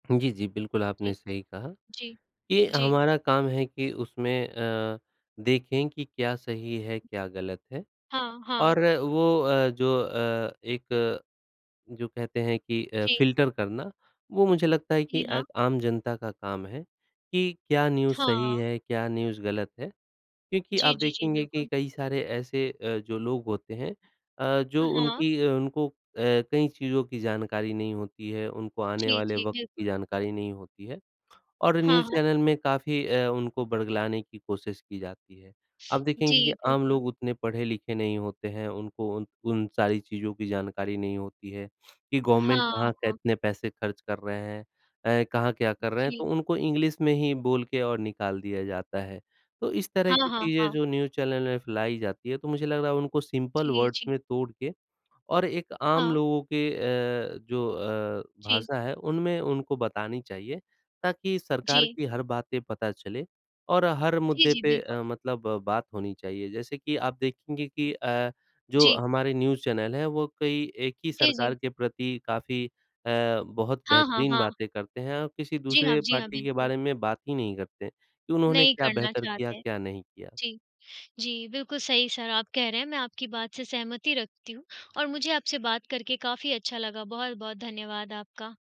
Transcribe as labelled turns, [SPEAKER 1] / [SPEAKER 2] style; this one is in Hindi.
[SPEAKER 1] जी, जी। बिल्कुल आपने
[SPEAKER 2] जी।
[SPEAKER 1] सही कहा,
[SPEAKER 2] जी।
[SPEAKER 1] कि
[SPEAKER 2] जी।
[SPEAKER 1] हमारा काम है कि उसमें अ, देखें कि क्या सही है क्या गलत है?
[SPEAKER 2] हाँ, हाँ।
[SPEAKER 1] और वो अ, जो अ, एक जो कहते हैं कि अ,
[SPEAKER 2] जी।
[SPEAKER 1] फिल्टर करना वो मुझे लगता है कि
[SPEAKER 2] जी
[SPEAKER 1] अ,
[SPEAKER 2] हाँ।
[SPEAKER 1] आम जनता का काम है, कि क्या न्यूज़ सही
[SPEAKER 2] हाँ।
[SPEAKER 1] है, क्या न्यूज़ गलत है। क्योंकि
[SPEAKER 2] जी,
[SPEAKER 1] आप
[SPEAKER 2] जी, जी।
[SPEAKER 1] देखेंगे कि
[SPEAKER 2] बिल्कुल।
[SPEAKER 1] कई सारे ऐसे अ, जो लोग होते हैं अ,
[SPEAKER 2] अ,
[SPEAKER 1] जो
[SPEAKER 2] हाँ।
[SPEAKER 1] उनकी उनको अ, कई चीज़ों की जानकारी नहीं होती है, उनको आने
[SPEAKER 2] जी,
[SPEAKER 1] वाले
[SPEAKER 2] जी।
[SPEAKER 1] वक़्त
[SPEAKER 2] बिल्कुल।
[SPEAKER 1] की जानकारी नहीं होती है और
[SPEAKER 2] हाँ,
[SPEAKER 1] न्यूज़
[SPEAKER 2] हाँ।
[SPEAKER 1] चैनल में काफ़ी अ, उनको बर्गलाने की कोशिश की जाती है। आप
[SPEAKER 2] जी
[SPEAKER 1] देखेंगे कि आम
[SPEAKER 2] बिल्कुल।
[SPEAKER 1] लोग उतने पढ़े-लिखे नहीं होते हैं, उनको उन उन सारी चीज़ों की जानकारी नहीं होती है कि गवर्नमेंट
[SPEAKER 2] हाँ,
[SPEAKER 1] कहाँ
[SPEAKER 2] हाँ।
[SPEAKER 1] कितने पैसे खर्च कर रहे हैं अ, कहाँ क्या कर रहे हैं तो
[SPEAKER 2] जी।
[SPEAKER 1] उनको इंग्लिश में ही बोल के और निकाल दिया जाता है। तो इस तरह
[SPEAKER 2] हाँ,
[SPEAKER 1] की
[SPEAKER 2] हाँ,
[SPEAKER 1] चीज़ें
[SPEAKER 2] हाँ।
[SPEAKER 1] जो न्यूज़ चैनल में फैलाई जाती है तो मुझे लग रहा है उनको सिंपल
[SPEAKER 2] जी,
[SPEAKER 1] वर्ड्स
[SPEAKER 2] जी।
[SPEAKER 1] में तोड़ के और एक आम
[SPEAKER 2] हाँ।
[SPEAKER 1] लोगों के अ, जो अ,
[SPEAKER 2] जी।
[SPEAKER 1] भाषा है उनमें उनको बतानी चाहिए ताकि सरकार
[SPEAKER 2] जी।
[SPEAKER 1] की हर बातें पता चले और हर
[SPEAKER 2] जी,
[SPEAKER 1] मुद्दे
[SPEAKER 2] जी।
[SPEAKER 1] पे
[SPEAKER 2] बिल्कुल।
[SPEAKER 1] अ, मतलब बात होनी चाहिए। जैसे कि आप देखेंगे कि अ, जो
[SPEAKER 2] जी।
[SPEAKER 1] हमारे न्यूज़ चैनल हैं वो कई एक ही
[SPEAKER 2] जी, जी।
[SPEAKER 1] सरकार के प्रति काफ़ी अ, बहुत
[SPEAKER 2] हाँ, हाँ,
[SPEAKER 1] बेहतरीन
[SPEAKER 2] हाँ।
[SPEAKER 1] बातें करते हैं और किसी
[SPEAKER 2] जी हाँ,
[SPEAKER 1] दूसरे
[SPEAKER 2] जी हाँ।
[SPEAKER 1] पार्टी के
[SPEAKER 2] बिल्कुल।
[SPEAKER 1] बारे में बात ही नहीं करते कि उन्होंने
[SPEAKER 2] नहीं
[SPEAKER 1] क्या
[SPEAKER 2] करना
[SPEAKER 1] बेहतर किया
[SPEAKER 2] चाहते हैं,
[SPEAKER 1] क्या नहीं किया।
[SPEAKER 2] जी। जी, बिल्कुल सही सर आप कह रहे हैं, मैं आपकी बात से सहमति रखती हूँ और मुझे आपसे बात करके काफ़ी अच्छा लगा। बहुत-बहुत धन्यवाद आपका।